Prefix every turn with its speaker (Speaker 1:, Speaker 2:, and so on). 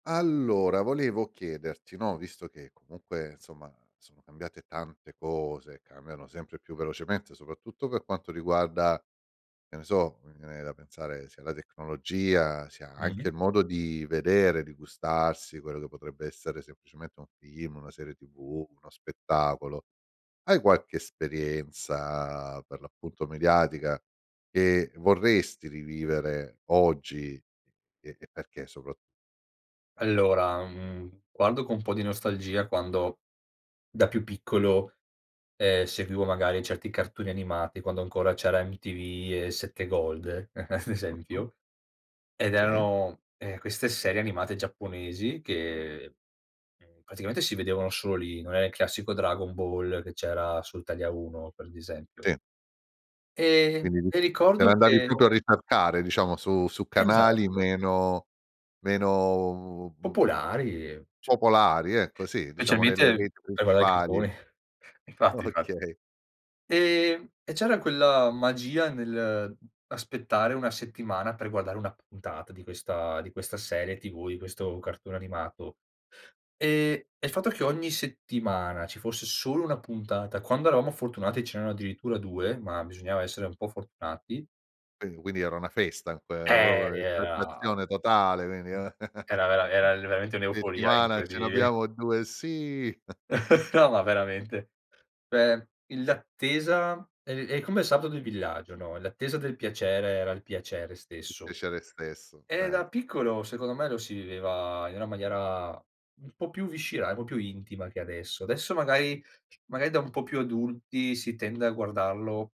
Speaker 1: Allora volevo chiederti, no, visto che comunque, insomma, sono cambiate tante cose, cambiano sempre più velocemente, soprattutto per quanto riguarda, che ne so, mi viene da pensare sia alla tecnologia, sia anche
Speaker 2: Mh-mh.
Speaker 1: il modo di vedere, di gustarsi quello che potrebbe essere semplicemente un film, una serie tv, uno spettacolo. Hai qualche esperienza, per l'appunto, mediatica che vorresti rivivere oggi, e e perché soprattutto?
Speaker 2: Allora, mhmm, guardo co' un po' di nostalgia quando da più piccolo, ehm, seguivo magari certi cartoni animati, quando ancora c'era MTV e 7 Gold, ad
Speaker 1: Mh-mh.
Speaker 2: esempio, ed
Speaker 1: Si.
Speaker 2: erano, ehm, queste serie animate giapponesi che, ehm, praticamente si vedevano solo lì, non è il classico Dragon Ball che c'era sul Italia 1, per di esempio
Speaker 1: Si.
Speaker 2: e
Speaker 1: Quindi
Speaker 2: e
Speaker 1: te
Speaker 2: ricordo
Speaker 1: l'andavi
Speaker 2: che
Speaker 1: proprio a ricercare, diciamo su su canali
Speaker 2: Esatto.
Speaker 1: meno meno, mhmm,
Speaker 2: Popolari, c
Speaker 1: popolari, ecco, sì, diciamo nelle
Speaker 2: Specialmente
Speaker 1: reti
Speaker 2: per guardare i
Speaker 1: principali.
Speaker 2: cartoni. Infatti, infatti.
Speaker 1: Okay.
Speaker 2: E e c'era quella magia nell'aspettare una settimana per guardare una puntata di questa di questa serie TV, di questo cartone animato. E e il fatto che ogni settimana ci fosse solo 1 puntata, quando eravamo fortunati ce n'erano addirittura 2, ma bisognava essere un po' fortunati
Speaker 1: Qui quindi era una festa que
Speaker 2: eh,
Speaker 1: proprio
Speaker 2: era
Speaker 1: [unintelligible] totale, quindi
Speaker 2: era vera era veramente un'euforia in
Speaker 1: "Settimana
Speaker 2: cui
Speaker 1: ce ne
Speaker 2: di
Speaker 1: abbiamo 2?" "Sì!"
Speaker 2: No, ma veramente. Cioè il l'attesa è è come il sabato del villaggio, no, l'attesa del piacere, era il piacere
Speaker 1: Il
Speaker 2: stesso.
Speaker 1: piacere stesso,
Speaker 2: E
Speaker 1: cer
Speaker 2: da piccolo secondo me lo si viveva in una maniera un po' più viscerale, proprio intima che adesso. Adesso magari magari da un po' più adulti si tende a guardarlo